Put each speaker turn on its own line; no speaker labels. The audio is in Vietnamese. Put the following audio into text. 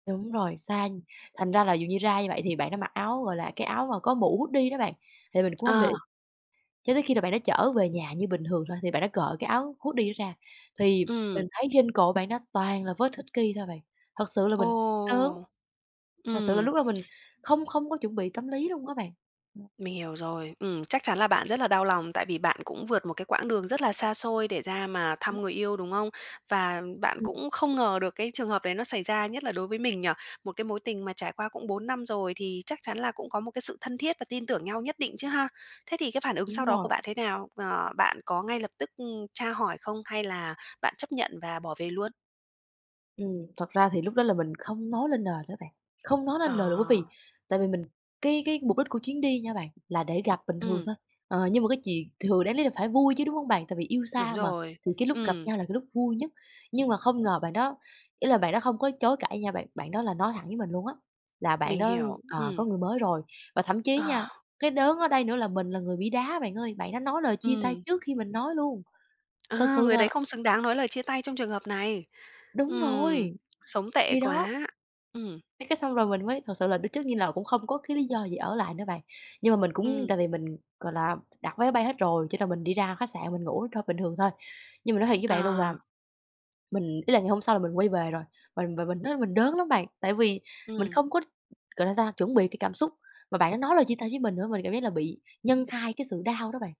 Đúng rồi, xa, thành ra là dù như ra như vậy thì bạn đã mặc áo, gọi là, cái áo mà có mũ hoodie đó bạn, thì mình cũng hông để ý.
À.
Cho tới khi là bạn đó chở về nhà như bình thường thôi thì bạn đã cởi cái áo hoodie đó ra thì
Ừm.
mình thấy trên cổ bạn đó toàn là vết hickey thôi bạn, thật sự là
Ồ!
mình đớn. Thật sự là
Ừm.
lúc đó mình không không có chuẩn bị tâm lý luôn á bạn. [unintelligible]
Mình hiểu rồi. Ừm, chắc chắn là bạn rất là đau lòng tại vì bạn cũng vượt một cái quãng đường rất là xa xôi để ra mà thăm người
[unintelligible]
yêu, đúng không? Và bạn
Ừm.
cũng không ngờ được cái trường hợp đấy nó xảy ra, nhất là đối với mình nhỉ? Một cái mối tình mà trải qua cũng 4 năm rồi thì chắc chắn là cũng có một cái sự thân thiết và tin tưởng nhau nhất định chứ ha? Thế thì cái phản ứng sau
Đúng
đó của
rồi.
bạn thế nào? Ờ, bạn có ngay lập tức, ừm, tra hỏi không hay là bạn chấp nhận và bỏ về luôn?
Ừm, thật ra thì lúc đó là mình không nói lên lời đó bạn, không nói lên lời nữa bởi vì
Ờ.
tại vì mình cái cái mục đích của chuyến đi nha bạn là để gặp bình thường
Ừm.
thôi. Ờ, nhưng mà cái chuyện thường đáng lý là phải vui chứ, đúng hông bạn? Tại vì yêu
Đúng
xa mà
rồi.
thì cái lúc gặp
Ừm.
nhau là cái lúc vui nhất, nhưng mà không ngờ bạn đó ý là bạn đó không có chối cãi nha bạn, bạn đó là nói thẳng với mình luôn á, là bạn
Mình
đó,
hiểu,
ờ,
ừm.
có người mới rồi. Và thậm chí nha,
Ờ.
cái đớn ở đây nữa là mình là người bị đá bạn ơi, bạn đó nói lời chia tay
Ừm.
trước khi mình nói luôn. Thật
Ờ,
sự
người đấy
là
không xứng đáng nói lời chia tay trong trường hợp này.
Đúng rồi,
Ừm, sống tệ
thì đó.
quá. Ừm.
Cái cái xong rồi mình mới thực sự là biết trước như là cũng không có cái lý do gì ở lại nữa bạn, nhưng mà mình cũng
Ừm.
tại vì mình, gọi là, đặt vé máy bay hết rồi cho nên mình đi ra khách sạn mình ngủ thôi, bình thường thôi. Nhưng mà nói thiệt với bạn luôn là
À.
mình ý là ngày hôm sau là mình quay về rồi, và và mình nói mình đớn lắm bạn, tại vì mình
Ừm.
không có, gọi là sao, chuẩn bị cái cảm xúc, mà bạn đã nói lời chia tay với mình nữa, mình cảm giác là bị nhân 2 cái sự đau đó bạn.